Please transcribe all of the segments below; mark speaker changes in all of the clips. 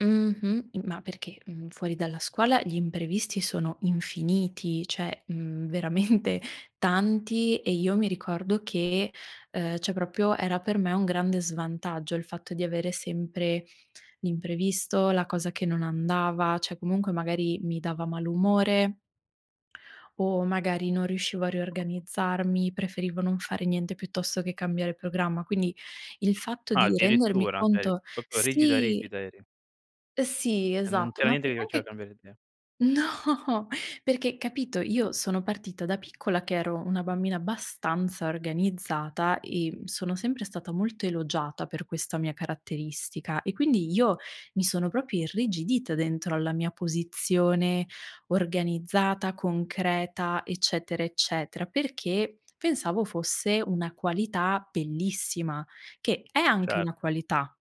Speaker 1: Mh-mh, i ma perché, mhmm, fuori dalla scuola gli imprevisti sono infiniti, cioè, mhmm, veramente tanti e io mi ricordo che, ehm, cioè proprio era per me un grande svantaggio il fatto di avere sempre l'imprevisto, la cosa che non andava, cioè comunque magari mi dava malumore o magari non riuscivo a riorganizzarmi, preferivo non fare niente piuttosto che cambiare programma. Quindi il fatto
Speaker 2: Ah,
Speaker 1: di rendermi
Speaker 2: addirittura. Cioè, eri
Speaker 1: conto
Speaker 2: proprio rigida
Speaker 1: sì.
Speaker 2: rigida, eri.
Speaker 1: Sì,
Speaker 2: E non
Speaker 1: esatto.
Speaker 2: c'era
Speaker 1: Ma
Speaker 2: niente che
Speaker 1: perché
Speaker 2: ti faceva
Speaker 1: anche
Speaker 2: cambiare idea?
Speaker 1: no, perché, capito, io sono partita da piccola che ero una bambina abbastanza organizzata e m sono sempre stata molto elogiata per questa mia caratteristica e quindi io mi sono proprio irrigidita dentro alla mia posizione organizzata, concreta, eccetera eccetera, perché pensavo fosse una qualità bellissima, che è anche una
Speaker 2: Certo.
Speaker 1: qualità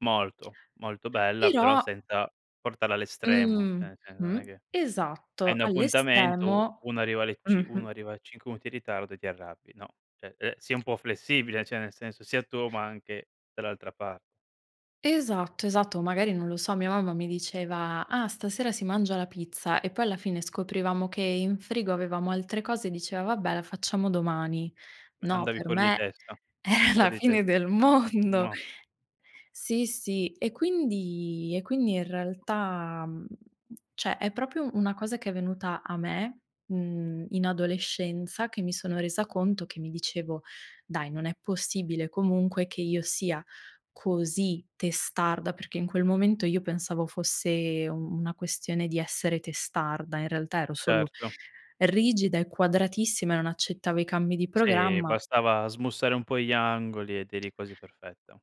Speaker 2: Molto, molto bella
Speaker 1: però
Speaker 2: però senza portarla all'estremo,
Speaker 1: Mh,
Speaker 2: cioè nel senso non
Speaker 1: mh,
Speaker 2: è che hai
Speaker 1: esatto,
Speaker 2: un appuntamento, u
Speaker 1: all'estremo
Speaker 2: uno arriva alle c uno
Speaker 1: mh-mh.
Speaker 2: arriva 5 minuti in ritardo e ti arrabbi, no, cioè, ehm, sii un po' flessibile, cioè nel senso sia tu ma anche dall'altra par
Speaker 1: Esatto, esatto. O magari, non lo so, mia mamma mi diceva: "Ah, stasera si mangia la pizza" e poi alla fine scoprivamo che in frigo avevamo altre cose e diceva: "Vabbè, la facciamo domani."
Speaker 2: Ma
Speaker 1: No,
Speaker 2: andavi
Speaker 1: per
Speaker 2: fuori di
Speaker 1: me
Speaker 2: testa?
Speaker 1: è la
Speaker 2: Fuori di te
Speaker 1: fine del
Speaker 2: ah,
Speaker 1: mondo.
Speaker 2: no.
Speaker 1: Sì, sì. E quindi e quindi in realtà, mhmm, cioè, è proprio una cosa che è venuta a me, mhmm, in adolescenza che mi sono resa conto che mi dicevo: "Dai, non è possibile comunque che io sia così testarda," perché in quel momento io pensavo fosse u una questione di essere testarda. In realtà ero solo
Speaker 2: Certo.
Speaker 1: rigida e quadratissima e non accettavo i cambi di
Speaker 2: Sì,
Speaker 1: programma.
Speaker 2: bastava smussare un po' gli angoli ed eri quasi perfetta.